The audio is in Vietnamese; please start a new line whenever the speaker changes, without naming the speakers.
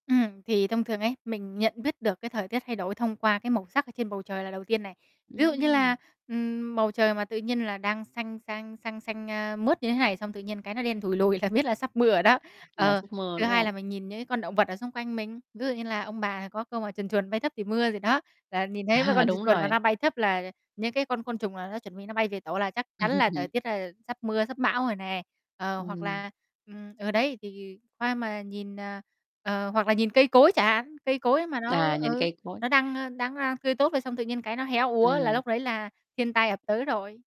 Ừm, thì thông thường ấy, mình nhận biết được cái thời tiết thay đổi thông qua cái màu sắc ở trên bầu trời là đầu tiên này. Ví dụ như là,
Ừm.
ừm, bầu trời mà tự nhiên là đang xanh xanh xanh xanh, a, mướt như thế này xong tự nhiên, cái, nó đen thủi lùi là biết là sắp mưa rồi đó.
Là
Ờ,
giấc mơ,
thứ
đúng
hai là
hông?
mình nhìn những con động vật ở xung quanh mình, ví dụ như là ông bà có câu mà chuồn chuồn mây thấp thì mưa gì đó, là nhìn thấy mấy
À,
con chuồn
đúng
chuồn mà
rồi.
nó bay thấp, là những cái con côn trùng là nó chuẩn bị nó bay về tổ là chắc chắn là thời tiết đây là sắp mưa, sắp bão rồi nè. Ờ, hoặc
Ừm.
là, ừm, ờ, đấy thì hoa mà nhìn, ờ, ờ, hoặc là nhìn cây cối chẳng hạn, cây cối mà nó
À, nhìn
ừ,
cây cối.
nó đang, ơ, đang đang tươi tốt rồi xong tự nhiên, cái, nó héo úa là
Ừm.
lúc đấy là thiên tai ập tới rồi.